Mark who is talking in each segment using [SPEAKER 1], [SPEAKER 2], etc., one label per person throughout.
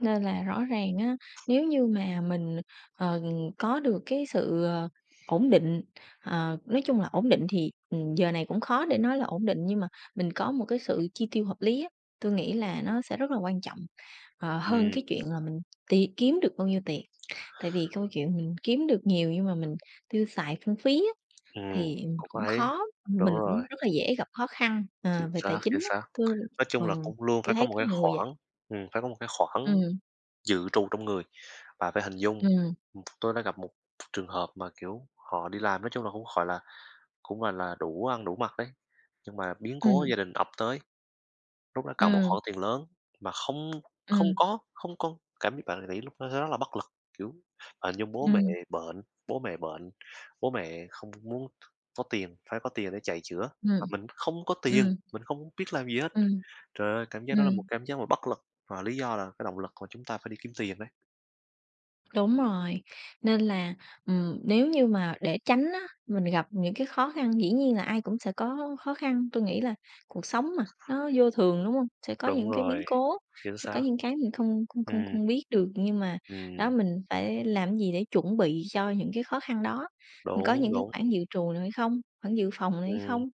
[SPEAKER 1] Nên là rõ ràng á, nếu như mà mình, ờ, có được cái sự, ờ, ổn định, ờ, nói chung là ổn định thì, ừm, giờ này cũng khó để nói là ổn định nhưng mà mình có một cái sự chi tiêu hợp lý á, tui nghĩ là nó sẽ rất là quan trọng, ờ, hơn
[SPEAKER 2] Ừm.
[SPEAKER 1] cái chuyện là mình tiền kiếm được bao nhiêu tiền. Tại vì câu chuyện mình kiếm được nhiều nhưng mà mình tiêu xài phung phí á,
[SPEAKER 2] Ừm,
[SPEAKER 1] thì, ừm,
[SPEAKER 2] cũng
[SPEAKER 1] cũng
[SPEAKER 2] hay,
[SPEAKER 1] khó,
[SPEAKER 2] đúng
[SPEAKER 1] mình
[SPEAKER 2] rồi.
[SPEAKER 1] cũng rất là dễ gặp khó khăn,
[SPEAKER 2] Chính
[SPEAKER 1] ờ, về tài
[SPEAKER 2] xác,
[SPEAKER 1] chính
[SPEAKER 2] chính
[SPEAKER 1] á,
[SPEAKER 2] xác,
[SPEAKER 1] tui
[SPEAKER 2] nói chung
[SPEAKER 1] ờ,
[SPEAKER 2] là cũng luôn
[SPEAKER 1] tui
[SPEAKER 2] phải có
[SPEAKER 1] thấy
[SPEAKER 2] một
[SPEAKER 1] có
[SPEAKER 2] cái
[SPEAKER 1] người vậy.
[SPEAKER 2] khoản, ừm, phải có một cái khoản
[SPEAKER 1] Ừm.
[SPEAKER 2] dự trù trong người. Bạn phải hình dung
[SPEAKER 1] Ừm.
[SPEAKER 2] ừm, tôi đã gặp một trường hợp mà, kiểu, họ đi làm, nói chung là cũng, gọi là, cũng, gọi là, đủ ăn đủ mặc đấy, nhưng mà biến cố
[SPEAKER 1] Ừm.
[SPEAKER 2] gia đình ập tới, lúc đó cần một
[SPEAKER 1] Ừm.
[SPEAKER 2] khoản tiền lớn mà không không
[SPEAKER 1] Ừm.
[SPEAKER 2] có, không con cảm bạn ng nghĩ lúc đó sẽ rất là bất lực, kiểu, hình như bố mẹ
[SPEAKER 1] Ừm.
[SPEAKER 2] bệnh, bố mẹ bệnh, bố mẹ không muốn có tiền, phải có tiền để chạy chữa, mà
[SPEAKER 1] Ừm.
[SPEAKER 2] mình không có tiền,
[SPEAKER 1] Ừm.
[SPEAKER 2] mình không biết làm gì hết.
[SPEAKER 1] Ừm.
[SPEAKER 2] Trời ơi, cảm giác đó là một
[SPEAKER 1] Ừm.
[SPEAKER 2] cảm giác mà bất lực, và lý do là cái động lực mà chúng ta phải đi kiếm tiền đấy.
[SPEAKER 1] Đúng rồi. Nên là, ừm, nếu như mà để tránh á, mình gặp những cái khó khăn dĩ nhiên là ai cũng sẽ có khó khăn, tui nghĩ là cuộc sống mà nó vô thường, đúng hông? Sẽ có
[SPEAKER 2] Đúng
[SPEAKER 1] những cái biến
[SPEAKER 2] rồi,
[SPEAKER 1] cố,
[SPEAKER 2] chính
[SPEAKER 1] sẽ có
[SPEAKER 2] xác.
[SPEAKER 1] những cái mình không không không
[SPEAKER 2] Ừm.
[SPEAKER 1] không biết được, nhưng mà, đó,
[SPEAKER 2] Ừm.
[SPEAKER 1] mình phải làm cái gì để chuẩn bị cho những cái khó khăn đó, mình có
[SPEAKER 2] Đúng,
[SPEAKER 1] những cái
[SPEAKER 2] đúng.
[SPEAKER 1] khoản dự trù nào hay không, khoản dự phòng nào hay
[SPEAKER 2] Ừm,
[SPEAKER 1] không?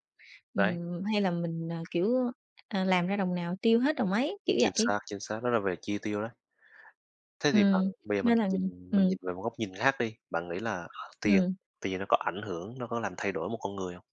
[SPEAKER 2] đấy.
[SPEAKER 1] Ừm, hay là mình, à, kiểu, ờ, làm ra đồng nào tiêu hết đồng ấy, kiểu
[SPEAKER 2] Chính
[SPEAKER 1] vậy.
[SPEAKER 2] xác, chính xác, đó là về chi tiêu đấy. Thế thì bạn,
[SPEAKER 1] Ừm,
[SPEAKER 2] bây giờ mình
[SPEAKER 1] nên là, ừm
[SPEAKER 2] nhìn mình
[SPEAKER 1] ừm.
[SPEAKER 2] nhìn về một góc nhìn khác đi, bạn nghĩ là tiền
[SPEAKER 1] Ừm.
[SPEAKER 2] tiền nó có ảnh hưởng, nó có làm thay đổi một con người không?